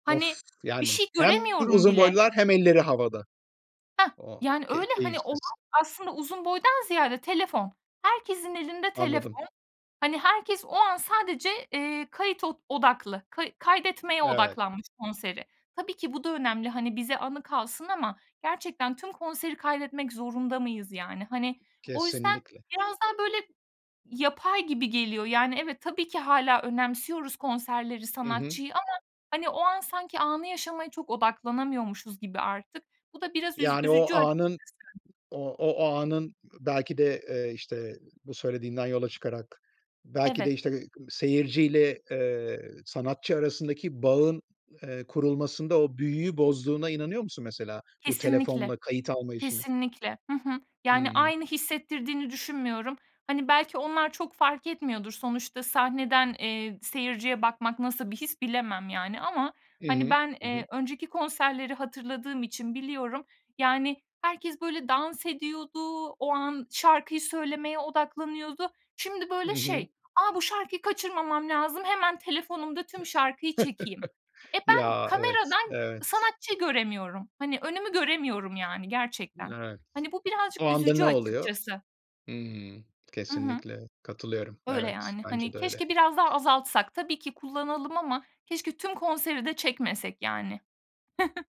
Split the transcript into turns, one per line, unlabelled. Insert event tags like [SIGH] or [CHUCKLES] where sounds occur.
Hani,
Of,
bir
yani,
şey
hem
göremiyorum
uzun
bile.
boylular hem elleri havada.
Heh,
O,
yani,
ke
öyle, hani, olay
keyifsiz.
aslında uzun boydan ziyade telefon, herkesin elinde
Anladım.
telefon. Hani, herkes o an sadece, eee, kayıt od odaklı, kay kaydetmeye
Evet.
odaklanmış, konseri. Tabii ki bu da önemli, hani, bize anı kalsın ama gerçekten tüm konseri kaydetmek zorunda mıyız, yani? Hani, o yüzden,
Kesinlikle.
biraz daha, böyle, yapay gibi geliyor. Yani, evet, tabii ki hâlâ önemsiyoruz konserleri,
Hı hı.
sanatçıyı ama, hani, o an sanki anı yaşamaya çok odaklanamıyormuşuz gibi artık. Bu da biraz üz
Yani, o
üzücü açıkçası.
anın, o o anın belki de, eee, işte, bu söylediğinden yola çıkarak belki
Evet.
de, işte, ııı, seyirciyle, eee, sanatçı arasındaki bağın, eee, kurulmasında o büyüyü bozduğuna inanıyor musun mesela bu
Kesinlikle,
telefonla kayıt alma işinin?
kesinlikle. Hı hı.
Hı
Yani,
hı.
aynı hissettirdiğini düşünmüyorum. Hani, belki onlar çok fark etmiyordur. Sonuçta sahneden, eee, seyirciye bakmak nasıl bir his bilemem, yani, ama,
Hı
hani,
hı.
ben,
Hı
eee,
hı.
önceki konserleri hatırladığım için biliyorum, yani, herkes, böyle, dans ediyordu, o an şarkıyı söylemeye odaklanıyordu. Şimdi,
Hı
böyle,
hı.
şey, a, bu şarkıyı kaçırmamam lazım, hemen telefonumda tüm şarkıyı çekeyim.
[CHUCKLES]
E, ben
Ya evet,
kameradan
evet.
sanatçı göremiyorum, hani, önümü göremiyorum, yani, gerçekten.
Evet,
Hani, bu birazcık
o anda
üzücü
ne oluyor?
açıkçası.
Hımm.
Hı hı.
Kesinlikle katılıyorum.
Öyle,
Evet,
yani,
bence
hani,
de öyle.
keşke biraz daha azaltsak. Tabii ki kullanalım ama keşke tüm konseri de çekmesek, yani. [CHUCKLES]